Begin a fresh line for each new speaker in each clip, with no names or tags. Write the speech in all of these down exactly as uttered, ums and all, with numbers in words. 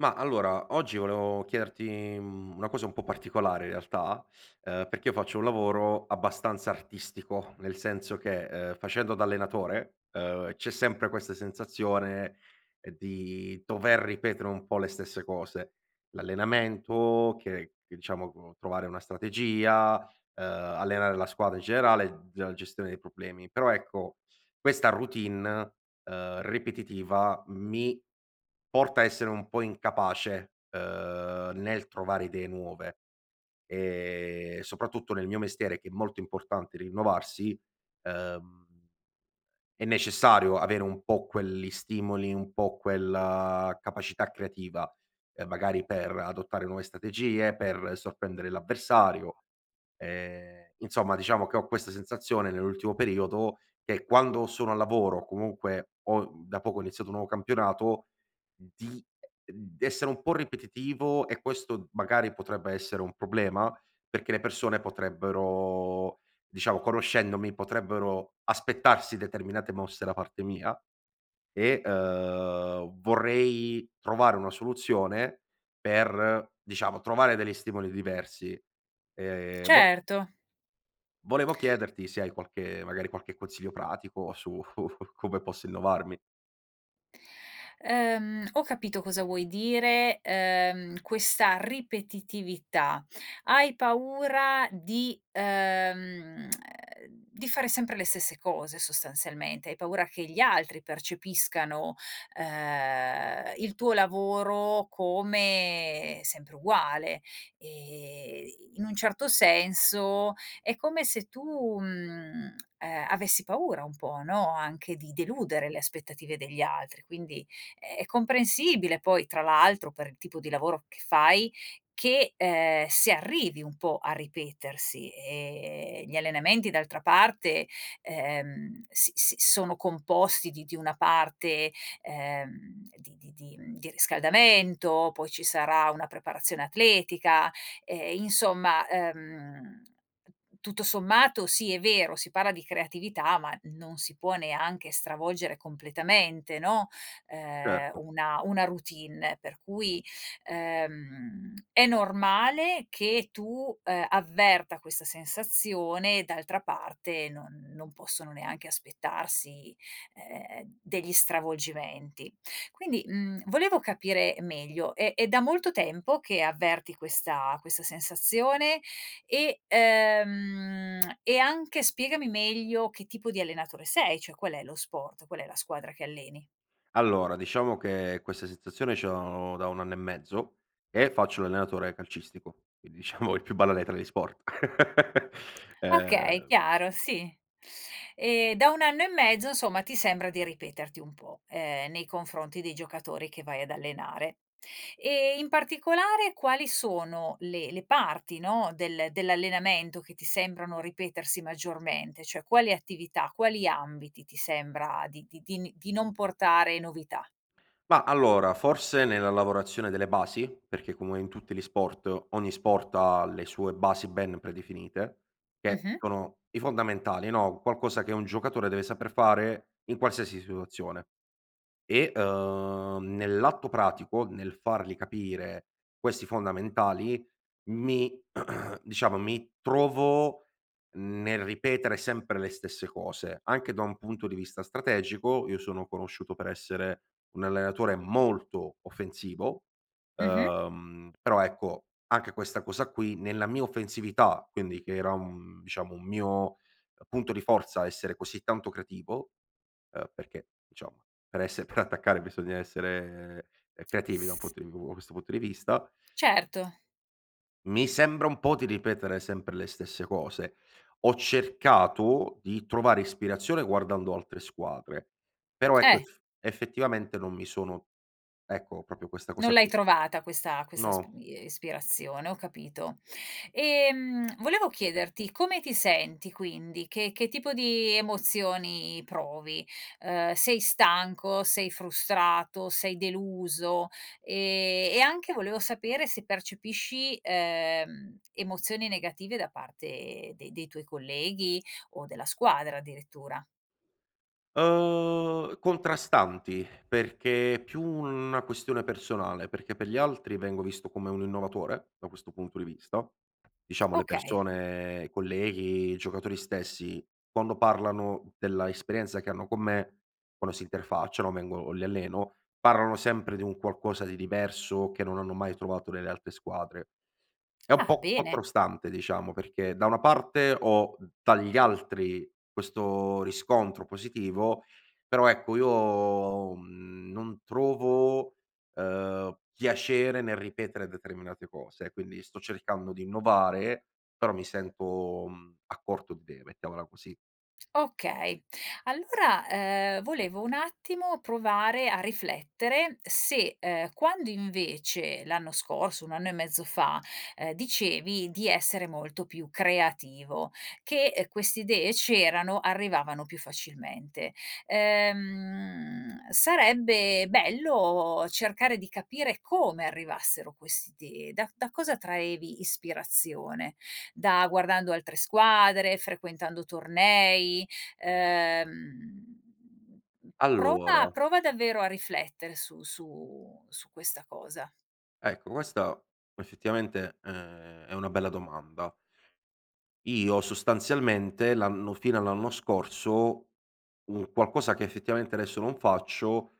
Mah, allora oggi volevo chiederti, mhmm, una cosa un po' particolare, in realtà, ehm, perché io faccio un lavoro abbastanza artistico, nel senso che, uhm, facendo da allenatore, uhm, c'è sempre queste sensazione, uhm, di dover ripetere un po' le stesse cose: l'allenamento, che che ciamo co trovare una strategia, ehm, allenare la squadra in generale, la gestione dei problemi. Però ecco, questa routine, uhm, ripetitiva, mi porta a essere un po' incapace, uhm, nel trovare idee nuove e soprattutto nel mio mestiere, che è molto importante rinnovarsi, uhm, è necessario avere un po' quelli stimoli, un po' quella capacità creativa, ehm, magari, per adottare nuove strategie, per sorprendere l'avversario. Ehm, insomma, diciamo che ho questa sensazione, nell'ultimo periodo, che quando sono al lavoro, comunque ho da poco iniziato un nuovo campionato, di essere un po' ripetitivo e questo magari potrebbe essere un problema, perché le persone potrebbero diciamo, conoscendomi, potrebbero aspettarsi determinate mosse da parte mia e, uhm, vorrei trovare una soluzione per, diciamo, trovare degli stimoli diversi. Ehm, vo
Certo.
volevo chiederti se hai qualche magari qualche consiglio pratico su come posso innovarmi.
Ehm, ho capito cosa vuoi dire, ehm, questa ripetitività. Hai paura di, ehm, di fare sempre le stesse cose sostanzialmente. Hai paura che gli altri percepiscano, uhm, il tuo lavoro come sempre uguale e in un certo senso è come se tu, uhm ehm, avessi paura un po', no, anche di deludere le aspettative degli altri, quindi è comprensibile, poi, tra l'altro, per il tipo di lavoro che fai, che, ehm, si arrivi un po' a ripetersi. Ehm, gli allenamenti d'altra parte, ehm, si si sono composti di di una parte, ehm, di di di di riscaldamento, poi ci sarà una preparazione atletica. Eh, insomma, ehm, tutto sommato sì, è vero, si parla di creatività ma non si può neanche stravolgere completamente, no, ehm,
Certo.
una una routine. Per cui, ehm, è normale che tu, ehm, avverta questa sensazione, d'altra parte non non possono neanche aspettarsi, ehm, degli stravolgimenti. Quindi, uhm, volevo capire meglio, è è da molto tempo che avverti questa questa sensazione e ehm, e anche spiegami meglio che tipo di allenatore sei, cioè qual è lo sport qual è la squadra che alleni?
Allora, diciamo che questa sensazione ce l'ho da un anno e mezzo e faccio l'allenatore calcistico, quindi, diciamo il più banale tra gli sport.
Okay,
Ehm
chiaro, sì. E da un anno e mezzo, insomma, ti sembra di ripeterti un po', ehm, nei confronti dei giocatori che vai ad allenare. E in particolare quali sono le le parti, no, del dell'allenamento che ti sembrano ripetersi maggiormente, cioè quali attività, quali ambiti ti sembra di di di n di non portare novità?
Mah, allora, forse nella lavorazione delle basi? Perché come in tutti gli sport, ogni sport ha le sue basi ben predefinite, che
Mh-mh.
sono i fondamentali, no, qualcosa che un giocatore deve saper fare in qualsiasi situazione e, ehm, nell'atto pratico, nel fargli capire questi fondamentali, mi diciamo, mi trovo nel ripetere sempre le stesse cose. Anche da un punto di vista strategico, io sono conosciuto per essere un allenatore molto offensivo,
Mh-mh.
uhm, però ecco, anche questa cosa qui, nella mia offensività, quindi che era un diciamo, un mio punto di forza essere così tanto creativo, uhm, perché, ciamo, per essere per attaccare bisogna essere creativi da un
S
punto di v questo punto di vista
Certo.
mi sembra un po' di ripetere sempre le stesse cose. Ho cercato di trovare ispirazione guardando altre squadre, però ecco,
Eh!
eff effettivamente non mi sono ecco, propio questa
Non
cosa
l'hai
qui
trovata questa questa sp
no.
ie ispirazione, ho capito. Ehm, volevo chiederti come ti senti quindi, che che tipo di emozioni provi? Uhm, sei stanco, sei frustrato, sei deluso? E e anche, volevo sapere, se percepisci, ehm, emozioni negative da parte de dei tuoi colleghi o della squadra, addirittura.
Uhm, contrastanti, perché è più una questione personale. Perché per gli altri vengo visto come un innovatore, da questo punto di vista, diciamo le
Okay.
persone colleghi, i giocatori stessi, quando parlano della esperienza che hanno con me, quando si interfacciano vengo o li alleno, parlano sempre di un qualcosa di diverso che non hanno mai trovato nelle altre squadre. È un
Ah,
po'
bene!
contrastante diciamo, perché da una parte ho dagli altri questo riscontro positivo, però ecco io, mhmm, non trovo, uhm, piacere nel ripetere determinate cose, quindi sto cercando di innovare però mi sento, mhmm, a corto di idee, mettiamola così.
Okay. Allora, ehm, volevo un attimo provare a riflettere se, ehm, quando invece, l'anno scorso, un anno e mezzo fa, ehm, dicevi di essere molto più creativo, che queste idee c'erano, arrivavano più facilmente. Ehm, sarebbe bello cercare di capire come arrivassero questi da da cosa traevi ispirazione. Da guardando altre squadre, frequentando tornei, ehm, prova
Allora
prova davvero a riflettere su su su questa cosa.
Ecco, questa effettivamente è è una bella domanda. Io sostanzialmente l'anno fino all'anno scorso un qualcosa che effettivamente adesso non faccio,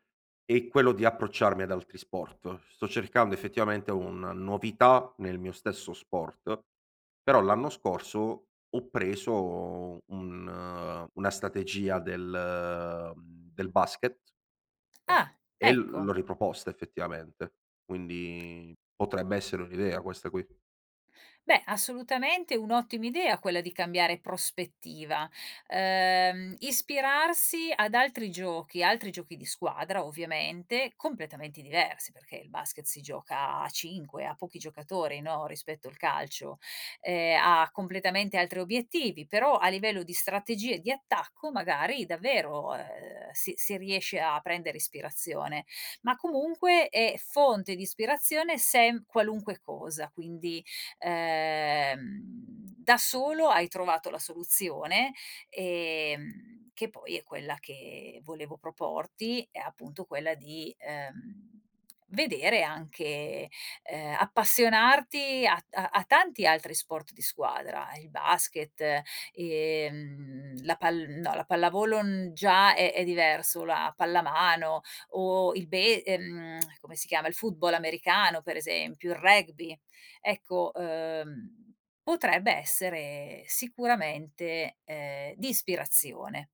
è quello di approcciarmi ad altri sport. Sto cercando effettivamente una novità nel mio stesso sport, però l'anno scorso ho preso un una strategia del del basket,
Ah!
uhm, e l
Ecco.
l'ho riproposta, effettivamente. Quindi potrebbe essere un'idea questa qui.
Beh, assolutamente è un'ottima idea quella di cambiare prospettiva, ehm, ispirarsi ad altri giochi altri giochi di squadra, ovviamente, completamente diversi perché il basket si gioca a cinque, ha pochi giocatori, no, rispetto al calcio. Ehm, ha completamente altri obiettivi, però, a livello di strategie di attacco, magari, davvero, ehm, si si riesce a prendere ispirazione, ma comunque è fonte di ispirazione sem qualunque cosa. Quindi, ehm, da solo hai trovato la soluzione, ehm, che poi è quella che volevo proporti, è appunto quella di, ehm, vedere anche ehm, appassionarti ad a a tanti altri sport di squadra: il basket, ehm, la pal no la pallavolo n già è è diverso, la pallamano o il be ehm, come si chiama, il football americano per esempio, il rugby. Ecco, uhm, potrebbe essere sicuramente, ehm, di ispirazione.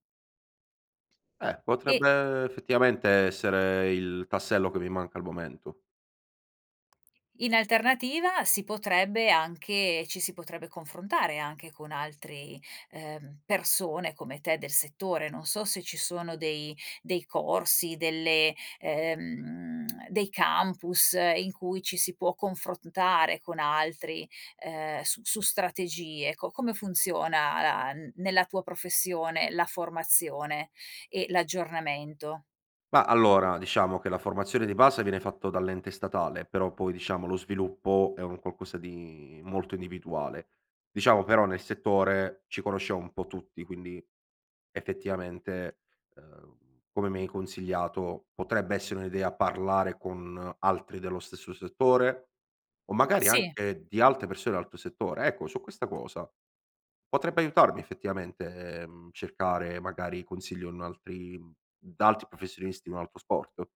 Eh,
E
potrebbe effettivamente essere il tassello che mi manca al momento.
In alternativa si potrebbe anche ci si potrebbe confrontare anche con altri, uhm, persone come te del settore. Non so se ci sono dei dei corsi, delle ehm dei campus in cui ci si può confrontare con altri, ehm, s su strategie, co come funziona la n nella tua professione la formazione e l'aggiornamento?
Mah, allora, diciamo che la formazione di base viene fatto dall'ente statale, però poi, diciamo, lo sviluppo è un qualcosa di molto individuale. Diciamo però, nel settore, ci conosciamo un po' tutti quindi effettivamente, uhm, come mi hai consigliato, potrebbe essere un'idea parlare con altri dello stesso settore, o magari
Sì.
anche di altre persone altro settore. Ecco, su questa cosa, potrebbe aiutarmi effettivamente, ehm, cercare, magari, consiglio un altri da altri professionisti di un altro sport?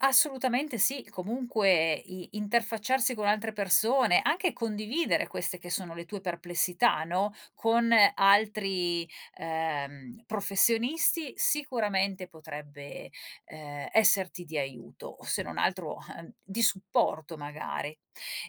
Assolutamente sì. Comunque i interfacciarsi con altre persone, anche condividere queste che sono le tue perplessità, no, con altri, ehm, professionisti, sicuramente potrebbe, ehm, esserti di aiuto, se non altro, di supporto magari.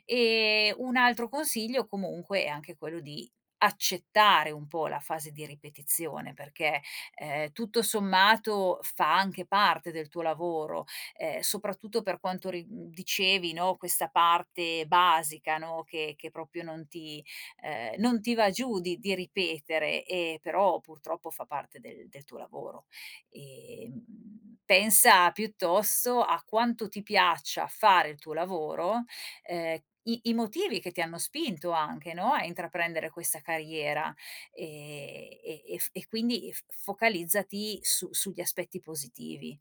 E un altro consiglio comunque è anche quello di accettare un po' la fase di ripetizione perché, ehm, tutto sommato, fa anche parte del tuo lavoro, ehm, soprattutto per quanto ri dicevi, no, questa parte basica, no, che che propio non ti ehm, non ti va giù di di ripetere, ehm però, purtroppo, fa parte del del tuo lavoro. E, mhmm, pensa piuttosto a quanto ti piaccia fare il tuo lavoro, ehm, i i motivi che ti hanno spinto anche, no, a intraprendere questa carriera e e ef e quindi f focalizzati su sugli aspetti positivi,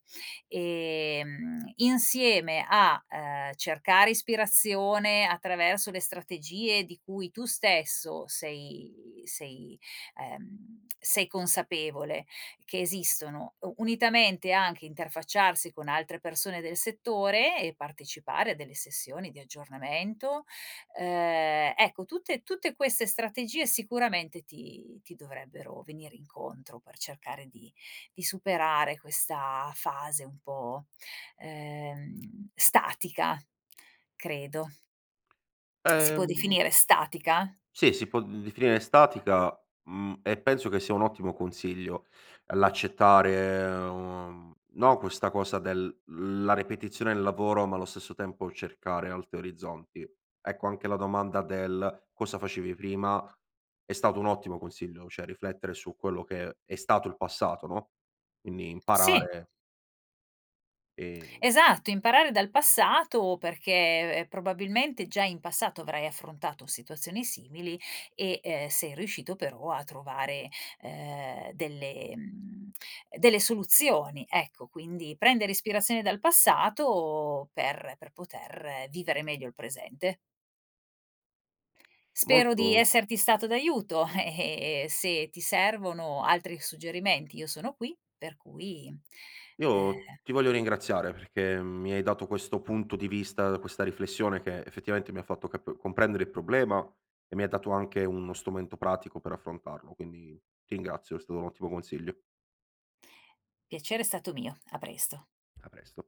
ehm, insieme a, ehm, cercare ispirazione attraverso le strategie di cui tu stesso sei sei, ehm, sei consapevole che esistono, u unitamente anche interfacciarsi con altre persone del settore e partecipare a delle sessioni di aggiornamento, ehm, ecco tutte tutte queste strategie sicuramente ti ti dovrebbero venire incontro per cercare di di superare questa fase un po', ehm, statica, credo. Si può
Ehm
definire statica?
Sì, si può d definire statica, mhmm, e penso che sia un ottimo consiglio l'accettare, uhm, no, questa cosa del la ripetizione del lavoro ma allo stesso tempo cercare altri orizzonti. Ecco anche la domanda del "cosa facevi prima?" È stato un ottimo consiglio, cioè riflettere su quello che è stato il passato, no, quindi
Sì.
imparare Ehm
Esatto imparare dal passato perché probabilmente già in passato avrai affrontato situazioni simili e, ehm, sei riuscito però a trovare, uhm, delle uhm, delle soluzioni, ecco, quindi prendere ispirazione dal passato per per poter vivere meglio il presente. Spero di
Molto
esserti stato d'aiuto, eh, e e se ti servono altri suggerimenti, io sono qui, per cui,
Io
ehm
ti voglio ringraziare perché mi hai dato questo punto di vista questa riflessione che effettivamente mi ha fatto cap comprendere il problema e mi ha dato anche uno strumento pratico per affrontarlo, quindi ti ringrazio è stato un ottimo consiglio.
Piacere è stato mio, a presto.
A presto.